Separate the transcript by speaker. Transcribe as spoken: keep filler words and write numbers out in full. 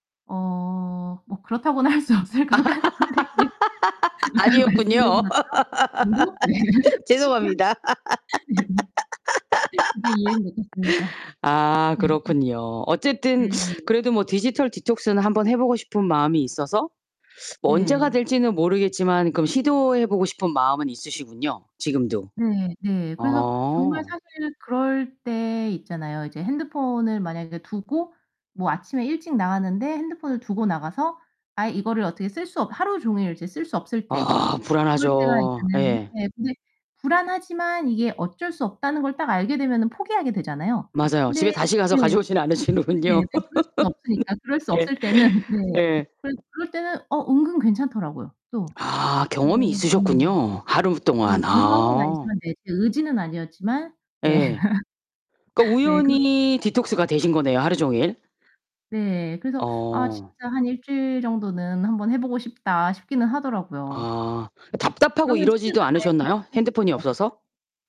Speaker 1: 어 뭐 그렇다고는 할 수 없을 것 같은데 그냥 아까
Speaker 2: 아니었군요.
Speaker 1: 말씀드린 것처럼. [unintelligible] 하는 습관
Speaker 2: 죄송합니다.
Speaker 1: [unintelligible] 그게 예의인 것 같습니다.
Speaker 2: 아 그렇군요. 어쨌든
Speaker 1: 음.
Speaker 2: 그래도 뭐 디지털 디톡스는 한번 해보고 싶은 마음이 있어서 뭐 언제가
Speaker 1: 네.
Speaker 2: 될지는 모르겠지만 그럼 시도해 보고 싶은 마음은 있으시군요 지금도.
Speaker 1: 네네. 그래서 정말
Speaker 2: 어.
Speaker 1: 사실 그럴 때 있잖아요. 이제 핸드폰을 만약에 두고 뭐 아침에 일찍 나갔는데 핸드폰을 두고 나가서 아예 이거를 어떻게 쓸 수 없 하루 종일 이제 쓸 수 없을 때
Speaker 2: 아
Speaker 1: 그럴 때가
Speaker 2: 불안하죠.
Speaker 1: 있잖아요.
Speaker 2: 예.
Speaker 1: 네 근데 불안하지만 이게 어쩔 수 없다는 걸 딱 알게 되면은 포기하게 되잖아요.
Speaker 2: 맞아요. 집에
Speaker 1: 근데
Speaker 2: 다시 가서
Speaker 1: 네. 네
Speaker 2: 가져오진 않으시는군요.
Speaker 1: 근데 그럴 수는 없으니까. 그럴 수
Speaker 2: 예.
Speaker 1: 없을 때는 네.
Speaker 2: 예.
Speaker 1: 그럴 그럴 때는 어 은근 괜찮더라고요, 또.
Speaker 2: 아
Speaker 1: 어
Speaker 2: 경험이
Speaker 1: 음.
Speaker 2: 있으셨군요, 하루
Speaker 1: 네.
Speaker 2: 동안.
Speaker 1: 의도한 건
Speaker 2: 아.
Speaker 1: 아니지만 네 제 의지는 아니었지만 네.
Speaker 2: 예. 그러니까
Speaker 1: 네. 그렇게
Speaker 2: 우연히
Speaker 1: [unintelligible]
Speaker 2: 디톡스가 되신 거네요, 하루 종일.
Speaker 1: 네. 그래서 '아
Speaker 2: 어.
Speaker 1: 진짜 한 일 주일 정도는 한번 해보고 싶다.' 싶기는 하더라고요.
Speaker 2: 아. 답답하고
Speaker 1: 그러면 책을
Speaker 2: 이러지도
Speaker 1: 가까이 할
Speaker 2: 않으셨나요?
Speaker 1: 할 수 있을
Speaker 2: 핸드폰이
Speaker 1: 것 같아요.
Speaker 2: 없어서?